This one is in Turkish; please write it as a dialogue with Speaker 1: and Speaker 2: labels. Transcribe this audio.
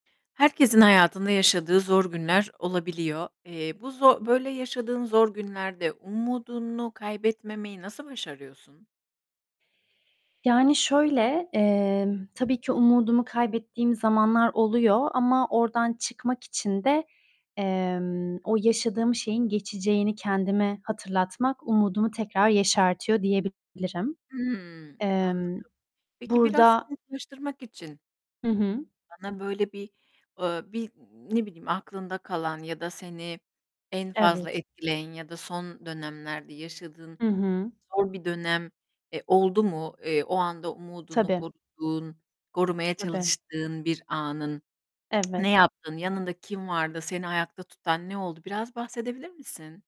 Speaker 1: Herkesin hayatında yaşadığı zor günler olabiliyor. Eee, bu zor böyle yaşadığın zor günlerde umudunu kaybetmemeyi nasıl başarıyorsun?
Speaker 2: Yani, şöyle, emm, tabii ki umudumu kaybettiğim zamanlar oluyor ama oradan çıkmak için de, emm, o yaşadığım şeyin geçeceğini kendime hatırlatmak umudumu tekrar yeşertiyor diyebilirim.
Speaker 1: Hımm, anladım.
Speaker 2: Emm
Speaker 1: Peki biraz
Speaker 2: burada
Speaker 1: somutlaştırmak için
Speaker 2: Hı hı.
Speaker 1: bana böyle bir eee, bir, ne bileyim, aklında kalan ya da seni en fazla
Speaker 2: Evet.
Speaker 1: etkileyen ya da son dönemlerde yaşadığın
Speaker 2: Hı hı.
Speaker 1: zor bir dönem, eee, oldu mu? Eee, o anda umudunu
Speaker 2: Tabii.
Speaker 1: koruduğun, korumaya
Speaker 2: Tabii.
Speaker 1: çalıştığın bir anın. Ne
Speaker 2: Evet.
Speaker 1: yaptın? Yanında kim vardı? Seni ayakta tutan ne oldu? Biraz bahsedebilir misin?